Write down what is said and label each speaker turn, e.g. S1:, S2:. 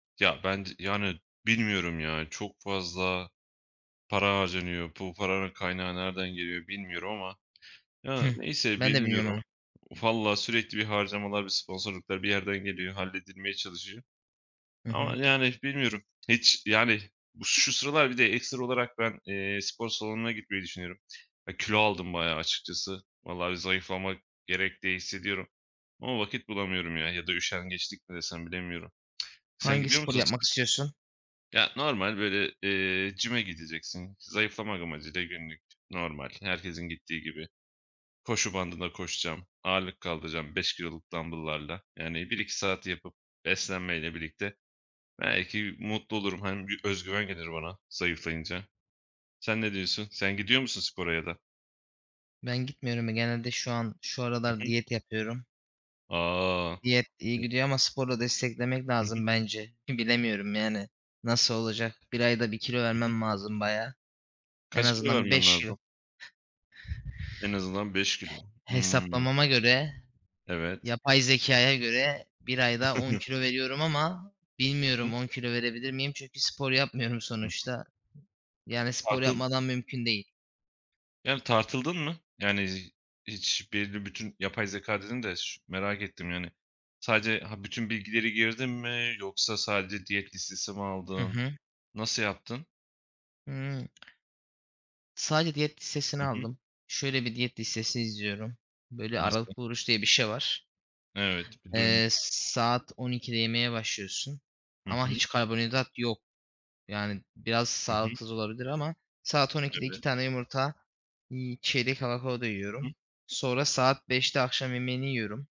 S1: Ya, ben d yani, bilmiyorum ya. Çok fazla para harcanıyor. Bu paranın kaynağı nereden geliyor bilmiyorum ama Ya,
S2: Hıh.
S1: neyse
S2: Ben de bilmiyorum onu.
S1: bilmiyorum. Valla sürekli bir harcamalar ve sponsorluklar bir yerden geliyor. Halledilmeye çalışıyor
S2: I
S1: ama,
S2: hı.
S1: yani, bilmiyorum. Hiç, yani, bu şu sıralar bir de ekstra olarak ben, eee, spor salonuna gitmeyi düşünüyorum. Ya, kilo aldım bayağı açıkçası. Vallahi zayıflamak gerek, diye hissediyorum ama vakit bulamıyorum, ya. Ya da üşengeçlik mi desem? Bilemiyorum. Sen
S2: Hangi
S1: gidiyor
S2: sporu
S1: musun
S2: yapmak
S1: spo
S2: istiyorsun?
S1: Ya, normal, böyle, eee, gym'e gideceksin zayıflamak amacıyla günlük. Normal, herkesin gittiği gibi koşu bandında koşacağım. Ağırlık kaldıracağım, 5 kiloluk dambıllarla. Yani, 1-2 saat yapıp beslenmeyle birlikte belki mutlu olurum. Hani, bir özgüven gelir bana zayıflayınca. Sen ne diyorsun? Sen gidiyor musun spora ya da?
S2: Ben gitmiyorum. Ya, genelde şu an şu
S1: Hı
S2: aralar
S1: hı.
S2: diyet yapıyorum.
S1: A!
S2: Diyet iyi
S1: [unintelligible]
S2: gidiyor ama sporla desteklemek
S1: Hı hı.
S2: lazım bence. Bilemiyorum, yani, nasıl olacak? 1 ayda 1 kilo
S1: Hı hı.
S2: vermem lazım bayağı. En
S1: Kaç kilo
S2: azından bir
S1: vermen
S2: 5 kilo.
S1: lazım? En azından 5 kilo. Hıı.
S2: Hesaplamama göre,
S1: Evet.
S2: yapay zekâya göre bir ayda 10 kilo veriyorum ama
S1: Hı hı.
S2: bilmiyorum 10 kilo verebilir miyim? Çünkü spor yapmıyorum
S1: Hı hı.
S2: sonuçta. Yani, spor
S1: Tartıl
S2: yapmadan mümkün değil.
S1: Yani, tartıldın mı? Yani, z hiç belli bütün yapay zekâ dedin de, şi merak ettim, yani. Sadece Ha, bütün bilgileri girdin mi yoksa sadece diyet listesi mi
S2: Hı
S1: aldın?
S2: hı.
S1: Nasıl yaptın?
S2: Hıı. Sadece diyet listesini
S1: Hı hı.
S2: aldım. Şöyle bir diyet listesi izliyorum: Böyle
S1: Nasıl?
S2: aralıklı oruç diye bir şey var.
S1: Evet, bir
S2: Eee,
S1: duymuştum.
S2: s saat 12.00'de yemeye başlıyorsun
S1: Hı
S2: ama
S1: hı.
S2: hiç karbonhidrat yok. Yani, biraz
S1: Hı hı.
S2: sağlıksız olabilir ama saat 12.00'de 2
S1: Evet.
S2: tane yumurta, iii, çeyrek avokado
S1: Hı hı.
S2: yiyorum. Sonra saat 17.00'de akşam yemeğini yiyorum.